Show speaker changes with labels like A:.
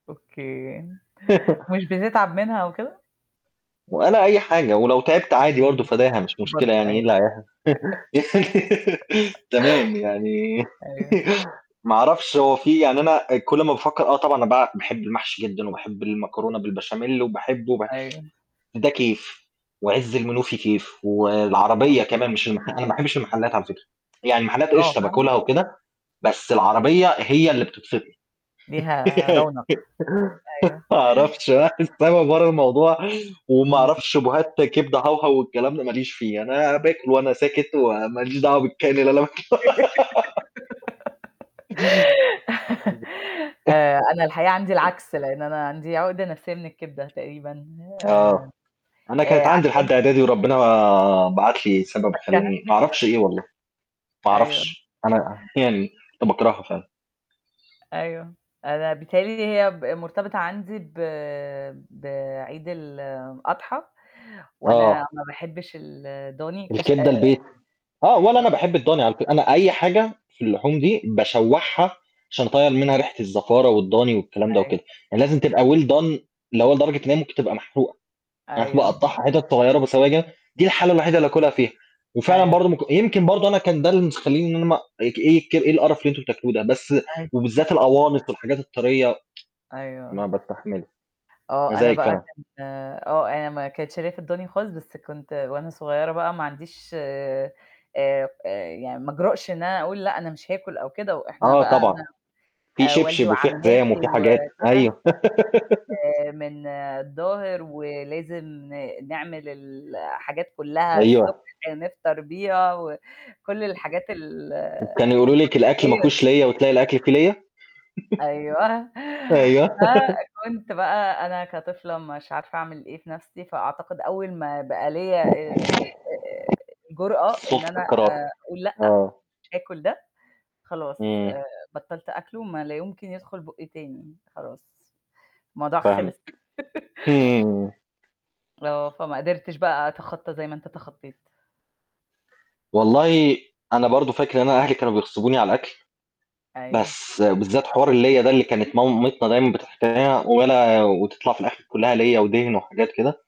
A: أوكي، مش بتتعب منها وكده؟
B: وأنا أي حاجة ولو تعبت عادي برضه
A: إمم،
B: فداها مش مشكلة
A: برضوه
B: يعني إيه
A: أيوه.
B: اللي هيح تمام، يعني
A: أيوه.
B: ما أعرفش هو في يعني أنا كل ما باتفكّر آه، طبعًا بقى باحب المحشي جدًا وباحب المكرونة بالبشاميل وباحب وباح
A: أيوه.
B: ده كيف وعِز المنوفي كيف والعربية كمان
A: [unintelligible]
B: مش المح أنا ما باحبش المحلات على فكرة، يعني المحلات
A: آه،
B: إشطة
A: فاهم؟
B: باكلها وكده بس العربية هي اللي بتبسطني.
A: ليها رونق، أ أيوه.
B: ما أعرفتش [unintelligible] برّه الموضوع وما
A: إمم.
B: أعرفش [unintelligible] كبدة هوهو والكلام ده ما ليش فيه، أنا باكل وأنا ساكت وما ليش دعوة بالكائن اللي أنا باكله
A: آآ، أنا الحقيقة عندي العكس، لأن أنا عندي عقدة نفسّة من كبدة تقريبًا آآ
B: آه، أنا
A: آآ
B: كانت عندي لحد
A: عشان
B: إعدادي وربّنا بعت لي سبب
A: [unintelligible]
B: خّلاني ما أعرفش إيه والله، ما
A: أيوه.
B: أعرفش، أنا يعني باكرها فعلًا.
A: أيوه. أنا بتهيّأ لي هي ب مرتبطة عندي ب بعيد الأضحى، وأنا
B: آه.
A: ما باحبش الدوني اكتش آآ
B: الكبدة
A: آآ
B: البيتي. آه، ولا أنا
A: آه.
B: باحب الضاني على فك أنا أي حاجة في اللحوم دي باشوّحها عشان أطيّر منها ريحة الزفارة والضاني والكلام ده
A: أيوه.
B: وكده، يعني لازم تبقى Well done اللي هو لدرجة إنّها تبقى محروقة، فأنا
A: أيوه.
B: اقطّعها حتت صغيرة بسواجا، دي الحالة الوحيدة اللي أكلها فيها وفعلًا
A: أيوه.
B: برضه م يمكن برضه أنا كان ده المس مخلّيني إن أنا ما اك ايك إيه القرف اللي أنتم بتاكلوه ده، بس
A: أيوه.
B: وبالذات الأوانص والحاجات الطارية
A: أيوه.
B: ما
A: آه.
B: باستحملش.
A: آه، أنا
B: مزاجِك
A: بقى
B: فعلًا.
A: كنت آه، آآ م كانت شارياه في الدوني خالص، بس كنت وأنا صغيرة بقى ما عنديش آآ آآ، يعني ما أجرأش إن أنا أقول لأ، أنا مش هاكُل أو كده وإحنا
B: آه
A: بقى
B: طبعًا،
A: [unintelligible]
B: في
A: آآ، والدي
B: شبشب وفي حزام
A: وعمّاتي
B: وفي حاجات
A: وكده
B: أيوه.
A: آآ، من الضاهر ولازم نعمل ال الحاجات كلّها الصبح
B: أيوه.
A: كده نفطر بيها وكل الحاجات
B: كانوا
A: الـتقليدية
B: يقولوا لِك الأكل ما فيهوش
A: ديه.
B: ليّة وتلاقي الأكل فيه ليّة؟
A: أيوه،
B: أيوه.
A: فكنت بقى أنا كطفلة مش عارفة أعمل إيه في نَفْسي، فأعتقد أول ما بقى ليّا ال آآ، الجرأة إن
B: سُلطة
A: أنا
B: القرار،
A: آآ أقول لأ،
B: آه.
A: مش هاكُل ده، خلاص آآ،
B: إمم.
A: بطّلت أكله ما لا يمكن يدخل بُقي تاني خلاص الموضوع خلص.
B: فاهمِك، إمم.
A: آه، فما قدرتش بقى أتخطّى زي ما أنت اتخطّيت.
B: والله أنا برضه فاكر إن أنا أهلي كانوا بيخصبوني على الأكل،
A: أيوه.
B: بس بالذات حوار الليّة ده اللي كانت مامتنا دايمًا [unintelligible] وأنا وتطلع في الأخر كلّها ليّة ودِهن وحاجات كده.